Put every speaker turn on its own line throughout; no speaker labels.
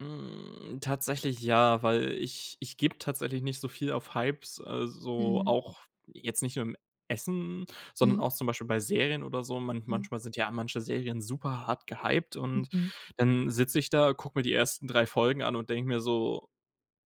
Hm, tatsächlich ja, weil ich ich gebe tatsächlich nicht so viel auf Hypes, also
Mhm.
auch jetzt nicht nur im Essen, sondern auch
Mhm.
zum Beispiel bei Serien oder so. Man
Mhm.
manchmal sind ja manche Serien super hart gehyped und
Mhm.
dann sitze ich da, gucke mir die ersten 3 Folgen an und denke mir so: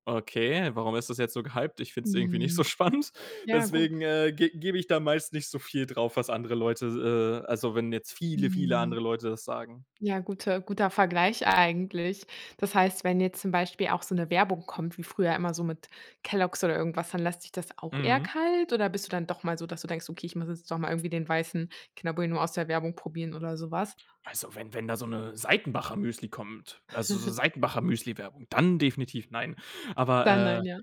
„Okay, warum ist das jetzt so gehyped?“ Ich find's irgendwie nicht so
Mhm.
spannend.
Ja, gut.
Deswegen, äh, ge gebe ich da meist nicht so viel drauf, was andere Leute s äh, also wenn jetzt viele, viele
Mhm.
andere Leute das sagen.
Ja, gute guter Vergleich eigentlich. Das heißt, wenn jetzt zum Beispiel auch so 'ne Werbung kommt wie früher immer, so mit Kellogg's oder irgendwas, dann lässt sich das auch eher
Mhm.
kalt oder bist du dann doch mal so, dass du denkst: „Okay, muss jetzt doch mal irgendwie den weißen Kinderbueno aus der Werbung probieren“ oder sowas?
Also wenn wenn da so 'ne Seitenbacher-Müsli kommt, also so Seitenbacher-Müsli-Werbung, dann definitiv nein. Aber,
Dann
äh,
nein, ja.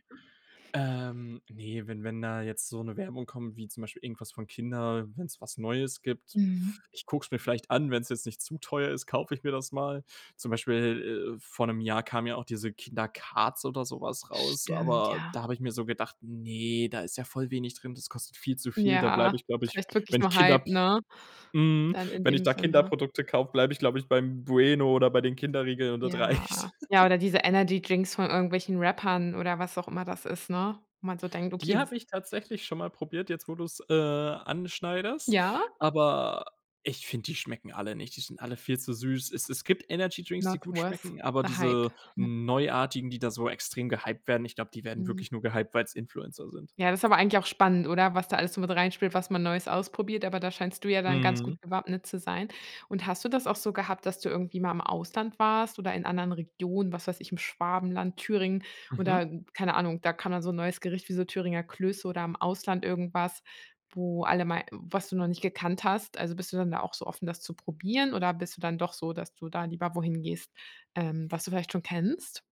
ähm, ne, wenn wenn da jetzt so 'ne Werbung kommt, wie zum Beispiel irgendwas von Kindern, wenn's was Neues gibt.
Mhm.
Ich gucke es mir vielleicht an. Wenn's jetzt nicht zu teuer ist, kaufe ich mir das mal. Zum Beispiel, äh, vor 'nem Jahr kam ja auch diese Kinder Cards oder so was raus,
Stimmt,
aber
ja.
da habe ich mir so gedacht: „Ne, da ist ja voll wenig drin, das kostet viel zu viel.“ Da bleibe
Ja,
ich, glaube ich,
vielleicht wirklich
wenn ich
nur
Kinder
Hype,
habe
ne?
mhm,
Dann in
wenn ich
dem
da
Sinne.
Kinderprodukte kaufe, bleibe ich, glaube ich, beim Bueno oder bei den Kinderriegeln und das
Ja,
reicht.
ja, oder diese Energydrinks von irgendwelchen Rappern oder was auch immer das ist, ne? Wo man so denkt,
Die
okay
habe ich tatsächlich schon mal probiert jetzt, wo du's, äh, anschneidest,
Ja?
aber ich finde, die schmecken alle nicht. Die sind alle viel zu süß. Es es gibt Energydrinks, die
Not
gut
worth
schmecken, aber
the hype,
diese
ne.
Neuartigen, die da so extrem gehyped werden, ich glaube, die werden
Mhm.
wirklich nur gehyped, weil's Influencer sind.
Ja, das ist aber eigentlich auch spannend, oder? Was da alles so mit reinspielt, was man Neues ausprobiert, aber da scheinst du ja dann ganz gut
Mhm.
gewappnet zu sein. Und hast du das auch so gehabt, dass du irgendwie mal im Ausland warst oder in anderen Regionen, was weiß ich, im Schwabenland, Thüringen
Mhm.
oder keine Ahnung, da kann man so 'n neues Gericht wie so Thüringer Klöße oder im Ausland irgendwas, wo alle mal was du noch nicht gekannt hast? Also, bist du dann da auch so offen, das zu probieren, oder bist du dann doch so, dass du da lieber wohin gehst, ähm, was du vielleicht schon kennst?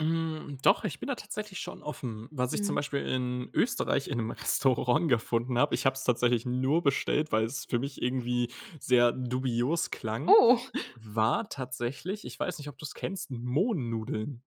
Hm, doch, ich bin da tatsächlich schon offen. Was ich zum
Mhm.
Beispiel in Österreich in 'nem Restaurant gefunden habe, ich hab's tatsächlich nur bestellt, weil es für mich irgendwie sehr dubios klang,
Oh.
war tatsächlich, ich weiß nicht, ob du's kennst, Mohnnudeln.